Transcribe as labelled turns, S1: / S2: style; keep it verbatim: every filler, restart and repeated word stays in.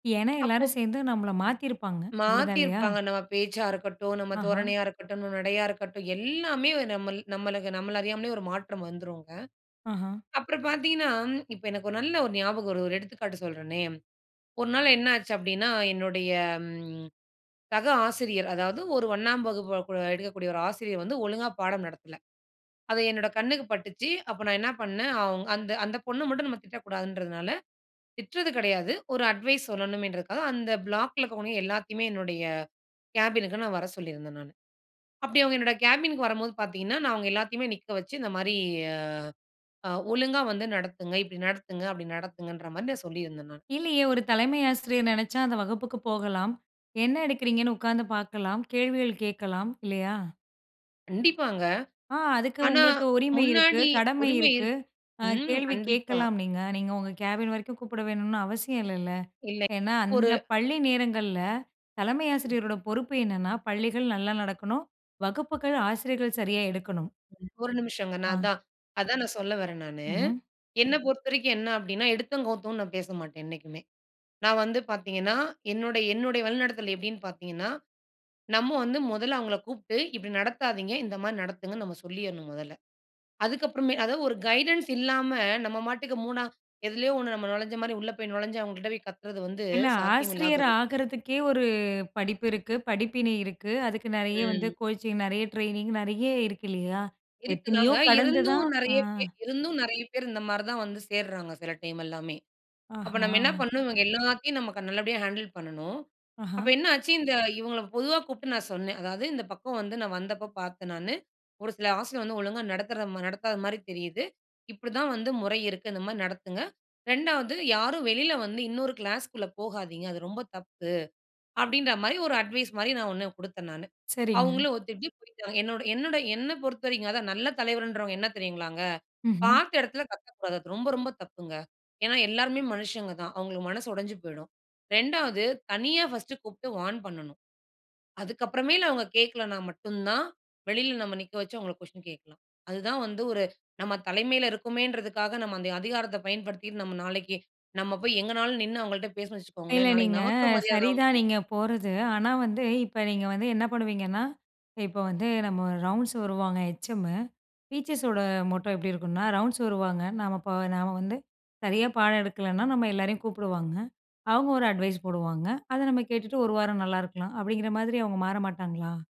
S1: ஏன்னா,
S2: அப்போ.
S1: எல்லாரும் சேந்து நம்மள மாத்திருப்பாங்க. அப்டிதான்
S2: மாத்தி
S1: இல்லையா?
S2: இருப்பாங்க. நம்ம பேச்சா இருக்கட்டும், நம்ம
S1: ஆஹா.
S2: தோரணையா இருக்கட்டும், நம் நடையா இருக்கட்டும் எல்லாமே நம்மள் நம்மளுக்கு நம்மள அறியாமலே ஒரு மாற்றம் வந்துருங்க.
S1: ஆஹா.
S2: அப்புறம் பாத்தீங்கன்னா, இப்போ எனக்கு ஒரு நல்ல ஒரு ஞாபகம் வருது. ஒரு எடுத்துக்காட்டு சொல்றனே. ஒரு நாள் என்ன ஆச்சு அப்டின்னா, என்னுடைய ம் சக ஆசிரியர். அதாவது ஒரு ஒண்ணாம் வகுப்பு வ குழ எடுக்கக்கூடிய ஒரு ஆசிரியர் வந்து ஒழுங்கா பாடம் நடத்தல. அது என்னோட கண்ணுக்கு பட்டுச்சு. அப்போ நான் என்னா பண்ணேன். அவ்ங் அந்த அந்த பொண்ணு மட்டும் நம்ம திட்டக்கூடாதுன்றதுனால. திட்றது கெடையாது. ஒரு அட்வைஸ் சொல்லணுமேன்றதுக்காக அந்த பிளாக்ல இருக்கிறவங்க எல்லாத்தையுமே என்னுடைய கேபினுக்கு நான் வர சொல்லியிருந்தேன் நானு. அப்டி அவுங்க என்னோட கேபின்க்கு வரம்போது பாத்தீங்கன்னா, நான் அவுங்க எல்லாத்தையுமே நிக்க வச்சு, இந்த மாரி ஆ அ ஒழுங்கா வந்து நடத்துங்க. இப்டி நடத்துங்க, அப்டி நடத்துங்கன்ற மாரி நான் சொல்லியிருந்தேன் நானு.
S1: இல்லியே! ஒரு தலைமை ஆசிரியர் நெனச்சா, அந்த வகுப்புக்கு போகலாம். என்ன எடுக்கிறீங்கன்னு உக்காந்து பாக்கலாம், கேள்விகள் கேக்கலாம், இல்லையா?
S2: கண்டிப்பாங்க.
S1: ஆ. அதுக்கு
S2: ஆனா,
S1: உங்களுக்கு உரிமை இருக்கு,
S2: முன்னாடி
S1: கடமை
S2: உரிமை
S1: இருக்கு,
S2: இருக்கு
S1: அ
S2: ம்,
S1: கேள்வி
S2: கண்டிப்பா.
S1: கேக்கலாம் நீங்க. நீங்க உங்க கேபின் வரைக்கும் கூப்பட வேணுன்னு அவசியம் இல்லல்ல.
S2: இல்லை.
S1: ஏன்னா,
S2: ஒரு
S1: அந்த பள்ளி நேரங்கள்ல தலைமை ஆசிரியரோட பொறுப்பு என்னன்னா, பள்ளிகள் நல்லா நடக்கணும், வகுப்புகள் ஆசிரியர்கள் சரியா எடுக்கணும்.
S2: ஒரு நிமிஷங்க. நான்
S1: ஆ.
S2: அதான் அதான் நான் சொல்ல வறேன் நானு.
S1: ம்ஹ்ம்.
S2: என்ன பொறுத்தவரைக்கும் என்ன அப்டின்னா, எடுத்தோம், கவுத்தோன் நான் பேசமாட்டேன், என்னைக்குமே. நான் வந்து பாத்தீங்கன்னா, என்னுடைய என்னுடைய வழிநடத்தல் எப்டின்னு பாத்தீங்கன்னா, நம்ம வந்து மொதல்ல அவுங்கள கூப்ட்டு இப்டி நடத்தாதீங்க. இந்த மாரி நடத்துங்கன்னு நம்ம சொல்லியர்ணும் மொதல்ல. அதுக்கு அப்றமே அதா ஒரு கைடன்ஸ் இல்லாம நம்ம மாட்டுக்கு மூணா எதிலயோ ஒண்ணு நம்ம நொழஞ்ச மாரி, உள்ள போய் நொழஞ்ச அவுங்க கிட்ட போய் கத்துறது வந்து
S1: இல்ல,
S2: சாத்தியம் இல்லாத
S1: ஆசிரியர் ஆகுறதுக்கே ஒரு படிப்பு இருக்கு. படிப்பினை இருக்கு. அதுக்கு நெறைய வந்து
S2: ம்.
S1: கோச்சிங், நெறைய ட்ரெய்னிங், நெறைய இருக்கு இல்லையா?
S2: இருக்கு
S1: எத்தனையோ
S2: தாங்க.
S1: கடந்து தான்
S2: இருந்தும்
S1: ஆ
S2: நிறைய பே இருந்தும், நிறைய பேர் இந்த மாரி தான் வந்து சேர்றாங்க. சில டைம் எல்லாமே. அப்ப நம்ம என்னா
S1: ஆஹா.
S2: பண்ணனும்? இவங்க எல்லாத்தையும் நமக்கு நல்லபடியா ஹேண்டுல் பண்ணனும். அப்ப
S1: ஆஹா.
S2: என்ன ஆச்சு? இந்த இவுங்கள பொதுவா கூப்ட்டு நான் சொன்னேன். அதாவது இந்த பக்கம் வந்து நான் வந்தப்ப பாத்தேன் நானு. ஒரு சில ஆசிரியர் வந்து ஒழுங்கா நடத்துறத மா நடத்தாத மாதிரி தெரியிது. இப்டி தான் வந்து முறை இருக்கு. இந்த மாரி நடத்துங்க. இரண்டாவது யாரும் வெளில வந்து இன்னொரு கிளாஸ்க்குள்ள போகாதீங்க, அது ரொம்ப தப்பு. அப்டின்ற மாரி, ஒரு அட்வைஸ் மாரி ஒண்ணு குடுத்தேன் நானு.
S1: சரிங்க.
S2: அவுங்களும் ஒத்துட்டு, போய்ட்டாங்க. என்னுடைய என்னுடைய என்ன பொறுத்தவரைக்கும் அதான் நல்ல தலைவர்ன்றவங்க என்ன தெரியுங்களாங்க,
S1: ம்ஹ்ம்.
S2: பாத்த எடத்துல கத்தக்கூடாது. அது ரொம்ப ரொம்ப தப்புங்க. ஏன்னா எல்லாருமே மனுஷங்க தான். அவுங்களுக்கு மனசு உடஞ்சு போய்டும். ரெண்டாவது தனியா ஃபர்ஸ்ட்டு கூப்ட்டு வார்ன் பண்ணனும். அதுக்கப்றமேல் அவங்க கேக்கலனா மட்டும் தான், வெளில நம்ம நிக்க வச்சு அவங்கள கொஷின் கேக்கலாம். அதுதான் வந்து ஒரு நம்ம தலைமைல இருக்கமோன்றதுக்காக, நம்ம அந்த அதிகாரத்த பயன்படுத்திட்டு, நாளைக்கு நம்ம போய் எங்கனாலும் நின்னு அவங்கள்ட்ட பேசுனோம்னு
S1: இல்ல.
S2: வச்சுக்கோங்களேன், நாளைக்கு
S1: நீங்க
S2: நமக்கு மரியாத இல்லாம
S1: சரிதான்
S2: போவும்.
S1: நீங்க போறது. ஆனா வந்து, இப்ப நீங்க வந்து என்ன பண்ணுவீங்கன்னா, இப்போ வந்து நம்ம ரவுண்ட்ஸ் வருவாங்க ஹெச்எம்மு. டீச்சர்ஸோட மொட்டோ எப்டி இருக்குன்னா ரவுண்ட்ஸ் வருவாங்க, நம்ம ப நாம வந்து சரியா பாடம் எடுக்கலன்னா நம்ம எல்லாரையும் கூப்டுவாங்க. அவங்க ஒரு அட்வைஸ் போடுவாங்க. அத நம்ம கேட்டுட்டு ஒரு வாரம் நல்லா இருக்கலாம். அப்டிங்கிற மாதிரி அவுங்க மாற மாட்டாங்களா?